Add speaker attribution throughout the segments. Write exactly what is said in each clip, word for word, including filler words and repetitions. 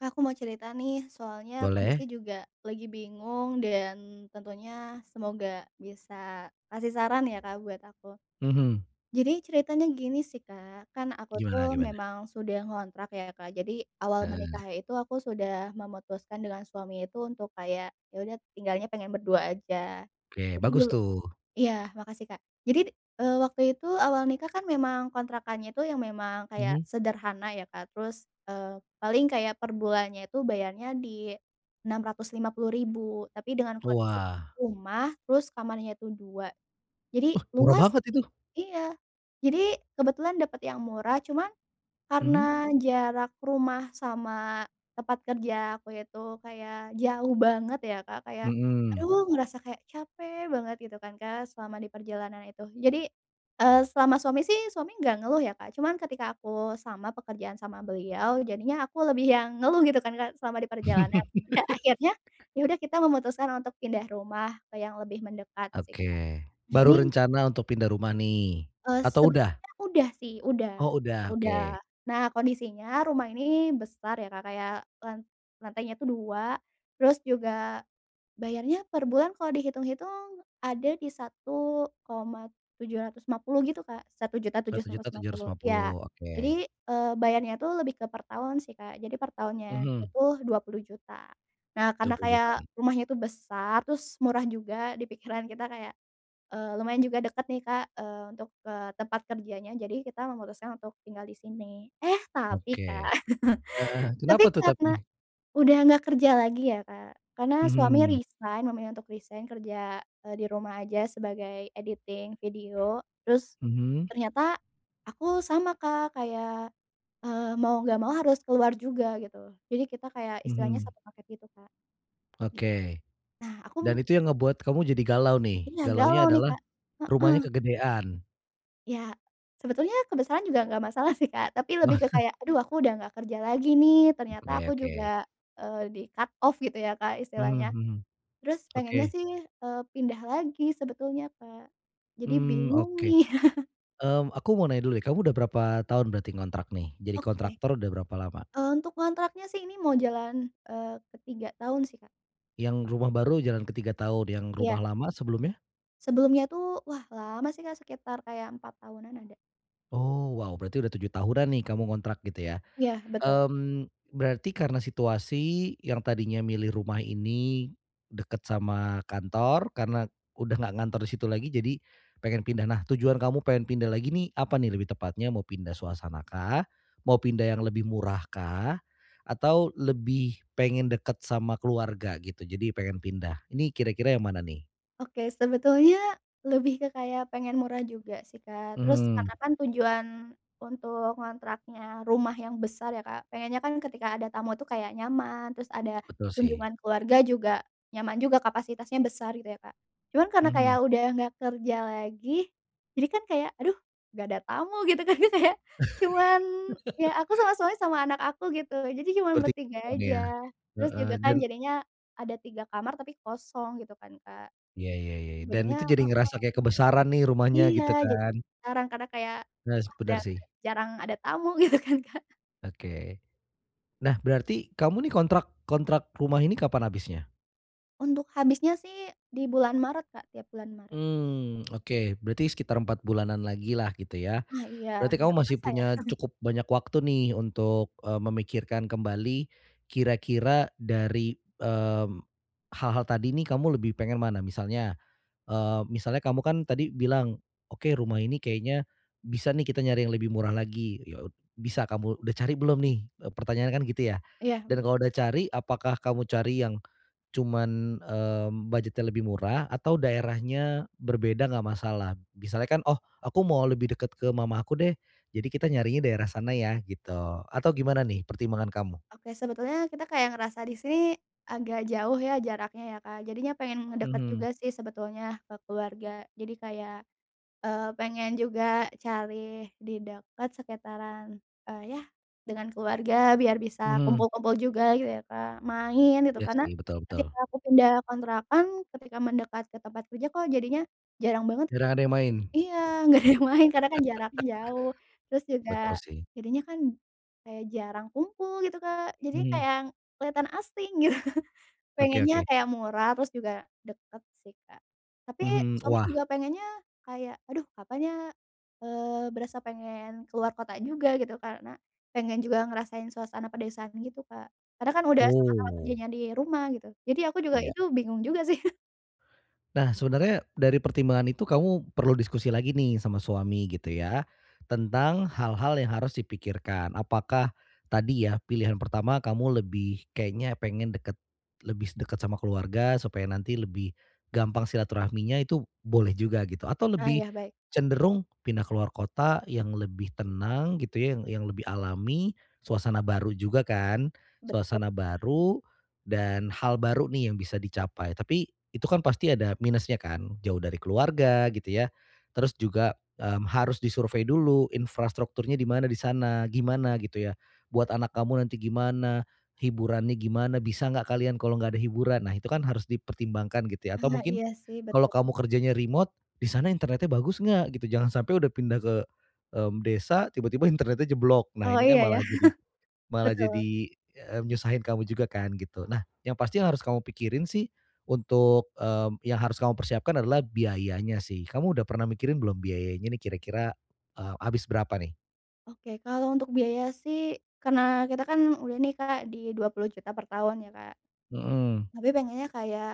Speaker 1: Kak, aku mau cerita nih soalnya kondisi
Speaker 2: Boleh.
Speaker 1: juga lagi bingung dan tentunya semoga bisa kasih saran ya, Kak, buat aku.
Speaker 2: Mhm.
Speaker 1: Jadi ceritanya gini sih, Kak, kan aku tuh
Speaker 2: Gimana gimana?
Speaker 1: memang sudah ngontrak ya, Kak, jadi awal
Speaker 2: Eee.
Speaker 1: menikah itu aku sudah memutuskan dengan suami itu untuk kayak ya udah tinggalnya pengen berdua aja,
Speaker 2: Oke,
Speaker 1: jadi
Speaker 2: bagus
Speaker 1: dulu
Speaker 2: tuh.
Speaker 1: iya makasih, Kak, jadi, eee, waktu itu awal nikah kan memang kontrakannya itu yang memang kayak
Speaker 2: Mhm.
Speaker 1: sederhana ya, Kak, terus, eee, paling kayak per bulannya itu bayarnya di enam ratus lima puluh ribu tapi dengan kondisi
Speaker 2: Wah.
Speaker 1: rumah terus kamarnya itu dua, jadi
Speaker 2: Wah, murah
Speaker 1: luas
Speaker 2: banget itu!
Speaker 1: iya jadi kebetulan dapat yang murah cuman karena
Speaker 2: Mmm.
Speaker 1: jarak rumah sama tempat kerja aku itu kayak jauh banget ya, Kak, kayak
Speaker 2: Mmm.
Speaker 1: aduh ngerasa kayak capek banget gitu kan, Kak, selama diperjalanan itu, jadi, eee, selama suami sih, suami gak ngeluh ya, Kak, cuman ketika aku sama pekerjaan sama beliau jadinya aku lebih yang ngeluh gitu kan, Kak, selama diperjalanan, dan akhirnya ya udah kita memutuskan untuk pindah rumah ke yang lebih mendekat sih, Kak.
Speaker 2: Oke,
Speaker 1: Nah
Speaker 2: baru
Speaker 1: ini
Speaker 2: rencana untuk pindah rumah nih,
Speaker 1: Eee,
Speaker 2: atau udah?
Speaker 1: sebenarnya, udah sih, udah
Speaker 2: Oh, udah.
Speaker 1: udah,
Speaker 2: Oke.
Speaker 1: nah kondisinya rumah ini besar ya, Kak, kayak lan lantainya itu dua, terus juga bayarnya per bulan kalau dihitung-hitung ada di satu koma tujuh ratus lima puluh gitu, Kak, satu juta tujus
Speaker 2: satu
Speaker 1: satus
Speaker 2: juta
Speaker 1: lima
Speaker 2: tujuh ratus
Speaker 1: puluh,
Speaker 2: lima
Speaker 1: ya,
Speaker 2: puluh, oke.
Speaker 1: jadi, eee, bayarnya tuh lebih ke per tahun sih, Kak, jadi per tahunnya
Speaker 2: Mhm.
Speaker 1: itu dua puluh juta, nah
Speaker 2: dua
Speaker 1: karena
Speaker 2: puluh
Speaker 1: kayak
Speaker 2: jutaan.
Speaker 1: rumahnya itu besar, terus murah juga, dipikiran kita kayak, eee, lumayan juga deket nih, Kak, eee, untuk ke tempat kerjanya jadi kita memutuskan untuk tinggal di sini. Eh tapi,
Speaker 2: Oke,
Speaker 1: Kak,
Speaker 2: eee,
Speaker 1: tapi
Speaker 2: kenapa tuh
Speaker 1: karena
Speaker 2: tapi?
Speaker 1: udah nggak kerja lagi ya, Kak, karena suami
Speaker 2: Mhm.
Speaker 1: resign, memilih untuk resign kerja, eee, di rumah aja sebagai editing video terus
Speaker 2: Mhm.
Speaker 1: ternyata aku sama, Kak, kayak, eee, mau gak mau harus keluar juga gitu, jadi kita kayak istilahnya
Speaker 2: Mhm.
Speaker 1: satu paket gitu, Kak. Gi
Speaker 2: Oke.
Speaker 1: Nah
Speaker 2: Dan
Speaker 1: aku
Speaker 2: itu yang ngebuat kamu jadi galau nih?
Speaker 1: Iya
Speaker 2: Galaunya
Speaker 1: galau nih,
Speaker 2: adalah,
Speaker 1: Kak, heeh.
Speaker 2: rumahnya kegedean.
Speaker 1: Ya, sebetulnya kebesaran juga gak masalah sih, Kak, tapi lebih
Speaker 2: Wah.
Speaker 1: ke kayak aduh aku udah gak kerja lagi nih, ternyata
Speaker 2: Oke
Speaker 1: aku
Speaker 2: oke.
Speaker 1: juga, eee, di cut off gitu ya, Kak,
Speaker 2: Hmm
Speaker 1: istilahnya.
Speaker 2: hmm.
Speaker 1: Terus pengennya
Speaker 2: Oke.
Speaker 1: sih, eee, pindah lagi sebetulnya, Kak, jadi
Speaker 2: Mmm.
Speaker 1: bingung
Speaker 2: Oke.
Speaker 1: nih.
Speaker 2: Mmm, aku mau nanya dulu deh, kamu udah berapa tahun berarti ngontrak nih? Jadi
Speaker 1: Oke.
Speaker 2: kontraktor udah berapa lama?
Speaker 1: Eee, untuk ngontraknya sih ini mau jalan, eee, ke tiga tahun sih, Kak.
Speaker 2: Yang rumah baru jalan ke tiga tahun, yang
Speaker 1: Iya.
Speaker 2: rumah lama sebelumnya?
Speaker 1: Sebelumnya tuh wah lama sih, Kak, sekitar kayak empat tahunan ada.
Speaker 2: Oh, wow berarti udah tujuh tahunan nih kamu ngontrak gitu ya?
Speaker 1: Ya, betul.
Speaker 2: Mmm, berarti karena situasi yang tadinya milih rumah ini dekat sama kantor karena udah nggak ngantor di situ lagi jadi pengen pindah. Nah tujuan kamu pengen pindah lagi nih apa nih lebih tepatnya, mau pindah suasana kah? Mau pindah yang lebih murah kah? Atau lebih pengen dekat sama keluarga gitu jadi pengen pindah? Ini kira-kira yang mana nih?
Speaker 1: Oke, sebetulnya lebih ke kayak pengen murah juga sih, Kak, terus
Speaker 2: Mhm.
Speaker 1: karena kan tujuan untuk ngontraknya rumah yang besar ya, Kak, pengennya kan ketika ada tamu tuh kayak nyaman terus ada
Speaker 2: Betul sih.
Speaker 1: kunjungan keluarga juga, nyaman juga kapasitasnya besar gitu ya, Kak, cuman karena kayak
Speaker 2: Mhm.
Speaker 1: udah gak kerja lagi, jadi kan kayak aduh gak ada tamu gitu kan ya, Kak, ya, cuman ya aku sama suami sama anak aku gitu, jadi cuman
Speaker 2: Bertiga
Speaker 1: bertiga
Speaker 2: doang ya,
Speaker 1: aja, terus
Speaker 2: heeh,
Speaker 1: juga kan
Speaker 2: dan
Speaker 1: jadinya ada tiga kamar tapi kosong gitu kan, Kak.
Speaker 2: Ya ya ya ya, dan
Speaker 1: Jadinya
Speaker 2: itu jadi
Speaker 1: heeh.
Speaker 2: ngerasa kayak kebesaran nih rumahnya
Speaker 1: Iya,
Speaker 2: gitu
Speaker 1: jadi
Speaker 2: kan.
Speaker 1: jarang karena kayak
Speaker 2: Yes,
Speaker 1: wah
Speaker 2: bener
Speaker 1: darek
Speaker 2: sih.
Speaker 1: jarang ada tamu gitu kan, Kak.
Speaker 2: Oke. Nah, berarti kamu nih kontrak kontrak rumah ini kapan habisnya?
Speaker 1: Untuk habisnya sih dibulan Maret, Kak, tiap bulan Maret.
Speaker 2: Mmm, oke berarti sekitar empat bulanan lagi lah gitu ya,
Speaker 1: Ah iya,
Speaker 2: berarti kamu
Speaker 1: gak
Speaker 2: masih
Speaker 1: kerasa ya.
Speaker 2: punya cukup banyak waktu nih untuk, eee, memikirkan kembali kira-kira dari, mmm, hal-hal tadi nih kamu lebih pengen mana misalnya, eee, misalnya kamu kan tadi bilang, oke rumah ini kayaknya bisa nih kita nyari yang lebih murah lagi, ya od bisa kamu udah cari belum nih? Eee, pertanyaanya kan gitu ya,
Speaker 1: Iya m
Speaker 2: dan kalau udah cari apakah kamu cari yang cuman, mmm, budget-nya lebih murah atau daerahnya berbeda nggak masalah? Misalnya kan, "Oh aku mau lebih dekat ke mamaku deh jadi kita nyarinya daerah sana ya." Gitu, atau gimana nih pertimbangan kamu?
Speaker 1: Oke sebetulnya kita kayak ngerasa di sini agak jauh ya jaraknya ya, Kak, jadinya pengen ngedeket
Speaker 2: Mhm.
Speaker 1: juga sih sebetulnya ke keluarga jadi kayak, eee, pengen juga cari di dekat sekitaran, eee, ya dengan keluarga biar bisa
Speaker 2: Mhm.
Speaker 1: kumpul-kumpul juga yu ya, Kak, main gitu
Speaker 2: Iya
Speaker 1: karena
Speaker 2: sih, betul betul.
Speaker 1: ketika aku pindah kontrakan, ketika mendekat ke tempat kerja kok jadinya jarang banget
Speaker 2: Jarang ada yang main?
Speaker 1: iya gak ada yang main karena kan jaraknya jauh, terus juga
Speaker 2: Betul sih.
Speaker 1: jadinya kan kayak jarang kumpul gitu, Kak, jadinya kayak
Speaker 2: Mhm.
Speaker 1: yang kelihatan asing gitu
Speaker 2: Oke
Speaker 1: pengennya
Speaker 2: oke.
Speaker 1: kayak murah, terus juga deket sih, Kak, tapi
Speaker 2: Mhm,
Speaker 1: suami
Speaker 2: wah.
Speaker 1: juga pengennya kayak, aduh kapan ya, eee, berasa pengen keluar kota juga gitu karena pengen juga ngerasain suasana pedesaan gitu, Kak, karena kan udah sama-sama
Speaker 2: Oh.
Speaker 1: kerjanya di rumah gitu, jadi aku juga
Speaker 2: Ya.
Speaker 1: itu bingung juga sih.
Speaker 2: Nah, sebenarnya dari pertimbangan itu kamu perlu diskusi lagi nih sama suami, gitu ya, tentang hal-hal yang harus dipikirkan. Apakah tadi ya pilihan pertama kamu lebih kayaknya pingin dekat lebih s dekat sama keluarga supaya nanti lebih gampang silaturahminya itu boleh juga gitu, atau
Speaker 1: Ah
Speaker 2: lebih
Speaker 1: iya, baik.
Speaker 2: cenderung pindah ke luar kota yang lebih tenang gitu ya, yang yang lebih alami, suasana baru juga kan,
Speaker 1: Betul.
Speaker 2: suasana baru dan hal baru nih yang bisa dicapai, tapi itu kan pasti ada minusnya kan jauh dari keluarga gitu ya, terus juga, mmm, harus disurvei dulu infrastrukturnya di mana di sana, gimana gitu ya, buat anak kamu nanti gimana, hiburannya gimana bisa nggak kalian kalau nggak ada hiburan, nah itu kan harus dipertimbangkan gitu ya atau
Speaker 1: Ah
Speaker 2: mungkin
Speaker 1: iya sih,
Speaker 2: kalau
Speaker 1: betul.
Speaker 2: kamu kerjanya remote di sana internetnya bagus nggak gitu, jangan sampai udah pindah ke, mmm, desa tiba-tiba internetnya jeblok, nah
Speaker 1: Oh
Speaker 2: ini kan
Speaker 1: iya ya?
Speaker 2: malah jadi malah
Speaker 1: Betul.
Speaker 2: jadi, mmm, nyusahin kamu juga kan gitu. Nah yang pasti harus kamu pikirin sih untuk, mmm, yang harus kamu persiapkan adalah biayanya sih, kamu udah pernah mikirin belum biayanya nih kira-kira, eee, habis berapa nih?
Speaker 1: Oke kalau untuk biaya sih, karena kita kan udah nih, Kak, di dua puluh juta per tahun ya, Kak.
Speaker 2: Mhm.
Speaker 1: Tapi pengennya kayak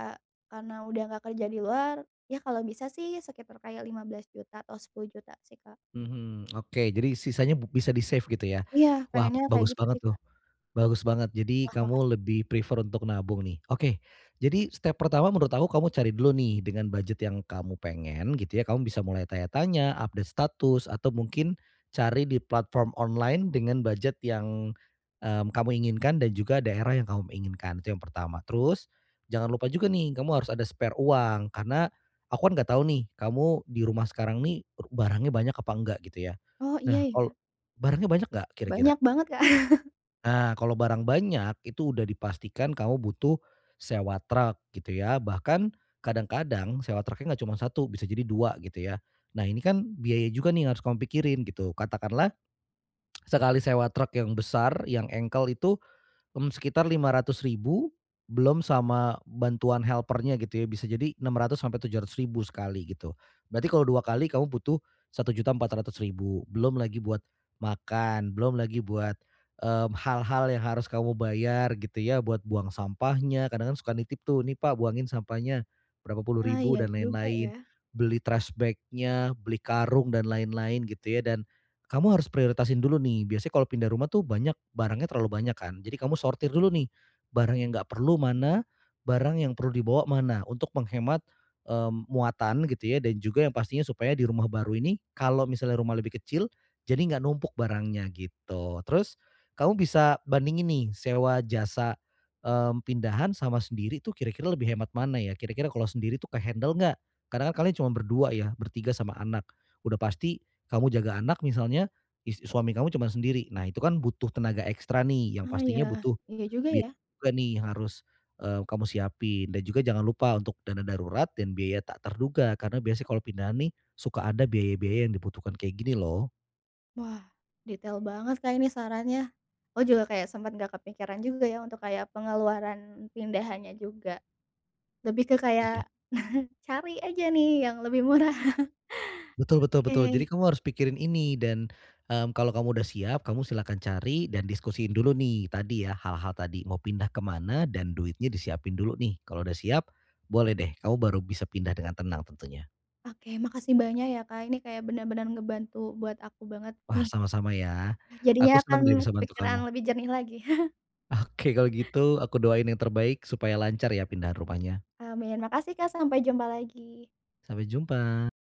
Speaker 1: karena udah nggak kerja di luar, ya kalau bisa sih sekitar kayak lima belas juta atau sepuluh juta sih, Kak.
Speaker 2: Mhm, oke jadi sisanya bub bisa di save gitu ya,
Speaker 1: Iya
Speaker 2: wah
Speaker 1: pengennya kayak
Speaker 2: bagus
Speaker 1: gitu
Speaker 2: banget
Speaker 1: sih, Kak.
Speaker 2: tuh, bagus banget jadi
Speaker 1: Wah,
Speaker 2: kamu
Speaker 1: makasih.
Speaker 2: lebih prefer untuk nabung nih. Oke jadi step pertama menurut aku kamu cari dulu nih dengan budget yang kamu pengen gitu ya, kamu bisa mulai tanya-tanya, update status, atau mungkin cari di platform online dengan budget yang, mmm, kamu inginkan dan juga daerah yang kamu, mmm, inginkan itu yang pertama. Terus jangan lupa juga nih, kamu harus ada spare uang, karena aku kan nggak tahu nih kamu di rumah sekarang nih ru barangnya banyak apa nggak gitu ya.
Speaker 1: Oh, iya
Speaker 2: Nah, kalau
Speaker 1: ya?
Speaker 2: barangnya banyak nggak kira-kira?
Speaker 1: Banyak banget, Kak.
Speaker 2: Nah kalau barang banyak itu udah dipastikan kamu butuh sewa truk gitu ya, bahkan kadang-kadang sewa truk nggak cuma satu, bisa jadi dua gitu ya, nah ini kan biaya juga nih yang harus kamu pikirin gitu, katakanlah sekali sewa truk yang besar yang engkel itu, mmm, sekitar lima ratus ribu belum sama bantuan helper-nya gitu ya, bisa jadi enam ratus sampai tujuh ratus ribu sekali gitu, berarti kalau dua kali kamu butuh satu juta empat ratus ribu, belum lagi buat makan, belum lagi buat ,mmm, hal-hal yang harus kamu bayar gitu ya buat buang sampahnya, kadang kan suka nitip tuh, "Nih Pak buangin sampahnya," berapa puluh
Speaker 1: Ah,
Speaker 2: ribu
Speaker 1: iya
Speaker 2: dan
Speaker 1: juga
Speaker 2: lain-lain,
Speaker 1: ya.
Speaker 2: beli trash bag-nya, beli karung dan lain-lain gitu ya, dan kamu harus prioritasin dulu nih, biasanya kalau pindah rumah tuh banyak barangnya terlalu banyak kan, jadi kamu sortir dulu nih barang yang nggak perlu mana, barang yang perlu dibawa mana, untuk menghemat, mmm, muatan gitu ya, dan juga yang pastinya supaya di rumah baru ini kalau misalnya rumah lebih kecil, jadi nggak numpuk barangnya gitu. Terus kamu bisa bandingin nih sewa jasa, mmm, pindahan sama sendiri tuh kira-kira lebih hemat mana ya? Kira-kira kalau sendiri tuh ke-handle nggak? Karna kan kalian cuman berdua ya, bertiga sama anak, udah pasti kamu jaga anak misalnya, is suami kamu cuman sendiri, nah itu kan butuh tenaga ekstra nih, yang
Speaker 1: Ah
Speaker 2: pastinya
Speaker 1: ya.
Speaker 2: butuh
Speaker 1: Iya juga
Speaker 2: biaya
Speaker 1: ya.
Speaker 2: juga nih yang harus, eee, kamu siapin, dan juga jangan lupa untuk dana darurat dan biaya tak terduga, karena biasanya kalau pindahan nih suka ada biaya-biaya yang dibutuhkan kayak gini loh.
Speaker 1: Wah. Detail banget, Kak, ini sarannya, aku juga kayak sempet gak kepikiran juga ya untuk kayak pengeluaran pindahannya juga, lebih ke
Speaker 2: Iya.
Speaker 1: kayak cari aja nih yang lebih murah.
Speaker 2: Betul betul betul,
Speaker 1: Oke.
Speaker 2: jadi kamu harus pikirin ini, dan, mmm, kalau kamu udah siap kamu silakan cari dan diskusiin dulu nih tadi ya, hal-hal tadi mau pindah ke mana dan duitnya disiapin dulu nih, kalau udah siap boleh deh kamu baru bisa pindah dengan tenang tentunya.
Speaker 1: Oke, makasih banyak ya, Kak, ini kayak bener-bener ngebantu buat aku banget
Speaker 2: Wah
Speaker 1: nih.
Speaker 2: sama-sama ya,
Speaker 1: Jadinya
Speaker 2: aku senang
Speaker 1: kan
Speaker 2: deh bisa bantu
Speaker 1: pikiran
Speaker 2: kamu.
Speaker 1: lebih jernih lagi.
Speaker 2: Oke kalau gitu, aku doain yang terbaik supaya lancar ya pindahan rumahnya.
Speaker 1: Amin. Makasih, Kak, sampai jumpa lagi.
Speaker 2: Sampai jumpa.